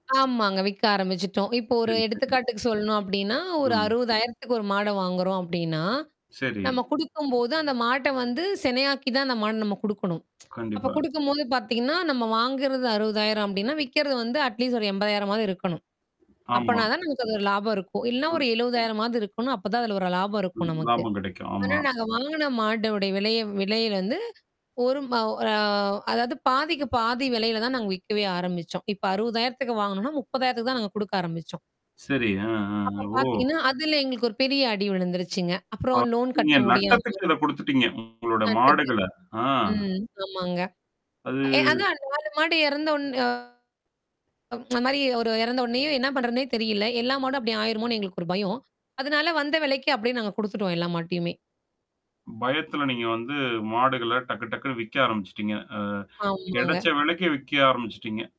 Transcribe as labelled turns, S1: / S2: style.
S1: ஆமாங்க. விக்க ஆரம்பிச்சிட்டோம். இப்ப ஒரு
S2: சரி. சரி.
S1: எடுத்துக்காட்டுக்கு சொல்லணும் அப்பிடின்னா, ஒரு
S2: ம்.
S1: ரூ.60000க்கு ஒரு மாட வாங்குறோம் அப்பிடின்னா,
S2: சரி.
S1: நாம கொடுக்கும்போது அந்த மாட்ட வந்து செனை ஆக்கிதான் அந்த மாட நம்ம குடுக்கணம் அப்ப
S2: கண்டிப்பா.
S1: கொடுக்கும்போத பாத்தீங்கன்னா, நாம வாங்குறது ரூ.60000 அப்பிடின்னா, விக்கிறது வந்து அட்லீஸ்ட் ஒரு ரூ.80000ஆது இருக்கணும்.
S2: ஆமா.
S1: அப்பன்னா தான் நமக்கு அதுல லாபம் இருக்கும். இல்லன்னா ஒரு ரூ.70000ஆவது இருக்கணும். அப்பதான் அதுல ஒரு லாபம் இருக்கும்
S2: ம்.
S1: நமக்கு.
S2: லாபம் கிடைக்கும்.
S1: ஆனா,
S2: ஆமா.
S1: நாங்க வாங்குன மாட்டுடைய விலையே விலையில இருந்து ஒரு மவ் அ அதாவது பாதிக்கு பாதி விலையில தான் நாங்க விக்கவே ஆரம்பிச்சோம். இப்ப ரூ.60000க்கு வாங்குனோன்னா, ரூ.30000க்கு தான் நாங்க குடுக்க ஆரம்பிச்சோம்.
S2: சரி. ஆ, ஆ.
S1: அப்பப்
S2: ஓ!
S1: பார்த்தீங்கன்னா, அதுல எங்களுக்கு ஒரு பெரிய அடி விழுந்திருச்சுங்க.
S2: ஓ!
S1: அப்புறம் லோன்
S2: நீங்க
S1: கட்ட முடியாம
S2: நட்டத்துக்கு இத கொடுத்துட்டீங்க [unintelligible] உங்களோட
S1: [unintelligible]
S2: மாடுகள, ஆ
S1: ம். ஆமாங்க. ஏ
S2: அது.
S1: அதான் 4 மாடு இறந்தொன்னே அந்தமாரி இறந்தொன்னயே, என்ன பண்றதுன்னே தெரியல. எல்லா மாடும் அப்பிடி ஆயிருமோன்னு எங்களுக்கு ஒரு பயம். அதனால வந்த விலைக்கி அப்பிடியே நாங்க குடுத்துட்டோம் எல்லா மாட்டயுமே!
S2: பயத்துல நீங்க வந்து மாடுகள டக்கு டக்குன்னு விக்க ஆரம்பிச்சிட்டீங்க. அ
S1: ஆமாங்க.
S2: கிடைச்ச விலைக்கு விக்க ஆரம்பிச்சிட்டீங்க.